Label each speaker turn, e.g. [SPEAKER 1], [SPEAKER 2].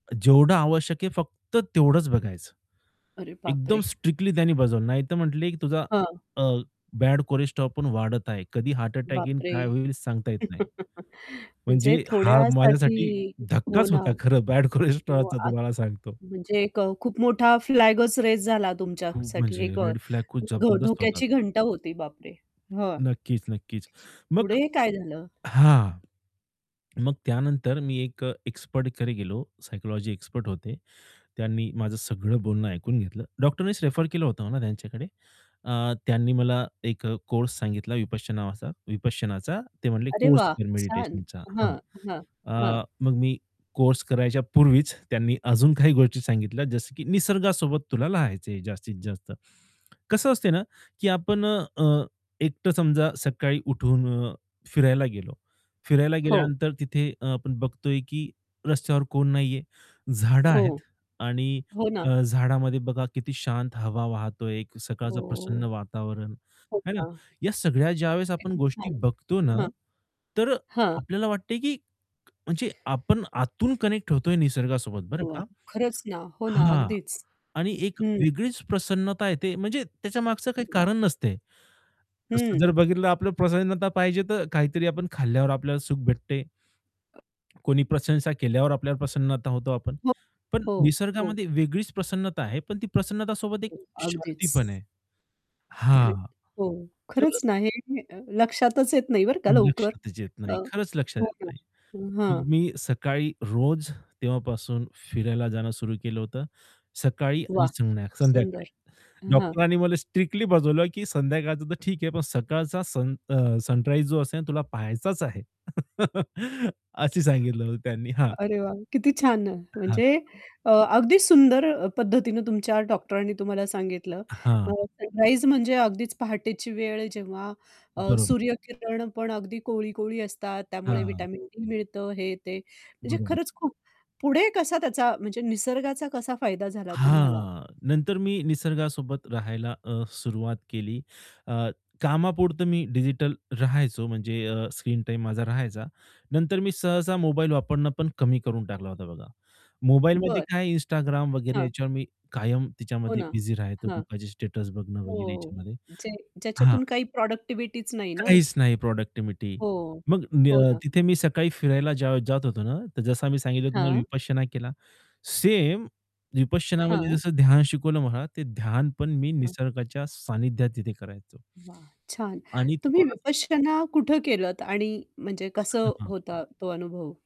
[SPEAKER 1] जेवढं आवश्यक आहे, फक्त तेवढंच बघायचं.
[SPEAKER 2] अरे
[SPEAKER 1] एकदम
[SPEAKER 2] बापरे!
[SPEAKER 1] स्ट्रिक्टली त्यांनी बजावलं. नाहीतर म्हटले, की तुझा
[SPEAKER 2] हां.
[SPEAKER 1] अ, बॅड कोलेस्ट्रोल पण वाढत आहे. कधी हार्ट अटॅक येईल,
[SPEAKER 2] बापरे!
[SPEAKER 1] काय होईल सांगता येत नाही. म्हणजे
[SPEAKER 2] म्हणजे
[SPEAKER 1] हा
[SPEAKER 2] थोड्यासाठी
[SPEAKER 1] माझ्यासाठी
[SPEAKER 2] हो
[SPEAKER 1] धक्काच
[SPEAKER 2] ना,
[SPEAKER 1] होता खरं बॅड कोलेस्ट्रॉलचा
[SPEAKER 2] [unintelligible]
[SPEAKER 1] तुम्हाला सांगतो.
[SPEAKER 2] म्हणजे एक खूप मोठा फ्लॅगच रेज झाला
[SPEAKER 1] खूप
[SPEAKER 2] तुमच्यासाठी
[SPEAKER 1] म्हणजे,
[SPEAKER 2] एक अ,
[SPEAKER 1] रेड फ्लॅग खूप
[SPEAKER 2] धो
[SPEAKER 1] जबरदस्त होता
[SPEAKER 2] धोक्याची
[SPEAKER 1] तो.
[SPEAKER 2] घंटा होती बापरे! हां.
[SPEAKER 1] नक्कीच, नक्कीच. मग
[SPEAKER 2] पुढे काय झालं?
[SPEAKER 1] हां. मग त्यानंतर मी एक एक्सपर्टकडे गेलो. सायकॉलॉजी एक्सपर्ट होते. त्यांनी माझं सगळं बोलणं ऐकून घेतलं. डॉक्टरनीच रेफर केलं होतं ना त्यांच्याकडे अ, त्यांनी मला एक अ, कोर्स सांगितला विपश्च नावाचा विपश्यनाचा ते म्हणले
[SPEAKER 2] अरे
[SPEAKER 1] कोर्स
[SPEAKER 2] वाह!
[SPEAKER 1] कर
[SPEAKER 2] छान.
[SPEAKER 1] मेडिटेशनचा. हां.
[SPEAKER 2] हां, हां, हां.
[SPEAKER 1] अ, मग मी कोर्स करायच्या पूर्वीच त्यांनी अजून काही गोष्टी सांगितल्या जसं, की निसर्गासोबत तुला राहायचे जास्तीत जास्त, कसं असते ना, की आपण अ, एकटं समजा सकाळी उठून फिरायला गेलो, फिरायला
[SPEAKER 2] हो.
[SPEAKER 1] गेल्यानंतर तिथे अ, आपण बघतोय, की रस्त्यावर कोण नाहीये. झाडं
[SPEAKER 2] हो.
[SPEAKER 1] आहेत आणि
[SPEAKER 2] हो ना.
[SPEAKER 1] अ, झाडामध्ये बघा किती शांत हवा वाहतोय, सकाळचं प्रसन्न
[SPEAKER 2] हो.
[SPEAKER 1] वातावरण,
[SPEAKER 2] हो
[SPEAKER 1] है ना.
[SPEAKER 2] का?
[SPEAKER 1] या सगळ्या ज्यावेळेस आपण
[SPEAKER 2] किती
[SPEAKER 1] गोष्टी
[SPEAKER 2] छान,
[SPEAKER 1] बघतो ना,
[SPEAKER 2] हां.
[SPEAKER 1] तर अ,
[SPEAKER 2] हां.
[SPEAKER 1] आपल्याला वाटतंय, की म्हणजे आपण आतून कनेक्ट होतोय निसर्गासोबत बरं
[SPEAKER 2] वाह!
[SPEAKER 1] का.
[SPEAKER 2] खरंच ना. हो ना.
[SPEAKER 1] हां,
[SPEAKER 2] अगदीच.
[SPEAKER 1] आणि एक
[SPEAKER 2] हं.
[SPEAKER 1] वेगळीच प्रसन्नता येते. म्हणजे त्याच्या मागचं काही
[SPEAKER 2] वाह!
[SPEAKER 1] कारण नसते. तसं जर
[SPEAKER 2] हं.
[SPEAKER 1] बघितलं आपलं प्रसन्नता पाहिजे तर काहीतरी आपण खाल्ल्यावर आपल्याला सुख भेटते. कोणी प्रशंसा केल्यावर आपल्यावर प्रसन्नता होतो आपण.
[SPEAKER 2] हो,
[SPEAKER 1] पण
[SPEAKER 2] हो, हो.
[SPEAKER 1] निसर्गामध्ये वेगळीच प्रसन्नता आहे, पण ती प्रसन्नतासोबत एक
[SPEAKER 2] [unintelligible]
[SPEAKER 1] शांती पण
[SPEAKER 2] अगदीच.
[SPEAKER 1] आहे.
[SPEAKER 2] ग्रेट.
[SPEAKER 1] हां.
[SPEAKER 2] हो,
[SPEAKER 1] तर
[SPEAKER 2] खरंच ना, हे अ, लक्षातच येत नाही बरं का लवकर
[SPEAKER 1] लक्षातच येत
[SPEAKER 2] अ,
[SPEAKER 1] नाही. खरंच लक्षात
[SPEAKER 2] हो,
[SPEAKER 1] येत
[SPEAKER 2] हो.
[SPEAKER 1] नाही.
[SPEAKER 2] हां.
[SPEAKER 1] मग मी सकाळी रोज तेव्हापासून फिरायला जाणं सुरु केलं होतं. सकाळी आणि
[SPEAKER 2] वाह!
[SPEAKER 1] संध्या संध्याकाळी
[SPEAKER 2] सुंदर. हां.
[SPEAKER 1] डॉक्टरांनी मला स्ट्रिक्टली बजवलं, की संध्याकाळचं तर ठीक आहे, पण सकाळचा सन अ, सनराईज जो असेल तुला पहायचाच आहे. असं सांगितलं होतं त्यांनी, हां.
[SPEAKER 2] अरे वाह! किती छान. म्हणजे
[SPEAKER 1] हां.
[SPEAKER 2] अ, अगदी सुंदर पद्धतीने तुमच्या डॉक्टरांनी तुम्हाला सांगितलं अ,
[SPEAKER 1] हां.
[SPEAKER 2] सनराईज म्हणजे अगदीच पहाटेची वेळ जेव्हा अ,
[SPEAKER 1] बरोबर.
[SPEAKER 2] सूर्यकिरण पण अगदी कोवळी-कोवळी असतात, त्यामुळे
[SPEAKER 1] हां.
[SPEAKER 2] विटॅमिन डी मिळतं हे ते. म्हणजे
[SPEAKER 1] बरोबर.
[SPEAKER 2] खरंच खूप पुढे कसा त्याचा म्हणजे निसर्गाचा कसा फायदा झाला तुम्हाला?
[SPEAKER 1] हां. नंतर मी निसर्गासोबत राहायला अ, सुरुवात केली अ, कामापुरतं मी डिजिटल राहायचो म्हणजे अ, स्क्रीन टाईम माझा राहायचा. नंतर मी सहसा मोबाईल वापरणं पण कमी करून टाकला होता बघा. मोबाईलमध्ये
[SPEAKER 2] बरं.
[SPEAKER 1] काय Instagram वगैरे
[SPEAKER 2] हां.
[SPEAKER 1] याच्यावर मी कायम
[SPEAKER 2] हो
[SPEAKER 1] त्याच्यामध्ये
[SPEAKER 2] ना
[SPEAKER 1] बिझी राहायचो
[SPEAKER 2] हां.
[SPEAKER 1] लोकांचे स्टेटस बघणं वगैरे
[SPEAKER 2] हो,
[SPEAKER 1] याच्यामध्ये,
[SPEAKER 2] जे
[SPEAKER 1] हां.
[SPEAKER 2] ज्याच्यातून काही प्रॉडक्टिव्हिटीच नाही ना.
[SPEAKER 1] काहीच नाही प्रॉडक्टिव्हिटी
[SPEAKER 2] हो.
[SPEAKER 1] मग
[SPEAKER 2] हो
[SPEAKER 1] न
[SPEAKER 2] ना.
[SPEAKER 1] तिथे मी सकाळी फिरायला जेव्हा जात होतो, ना तर जसं मी सांगितलं तुम्हाला
[SPEAKER 2] हां.
[SPEAKER 1] विपश्यना केला. सेम विपश्यनामध्ये
[SPEAKER 2] हां.
[SPEAKER 1] जसं ध्यान शिकवलं मला, ते ध्यान पण मी
[SPEAKER 2] हं.
[SPEAKER 1] निसर्गाच्या सानिध्यात तिथे करायचो.
[SPEAKER 2] वाह! छान.
[SPEAKER 1] आणि
[SPEAKER 2] तुम्ही
[SPEAKER 1] तुम्हाला
[SPEAKER 2] विपश्यना कुठं केलंत आणि म्हणजे कसं होता तो अनुभव?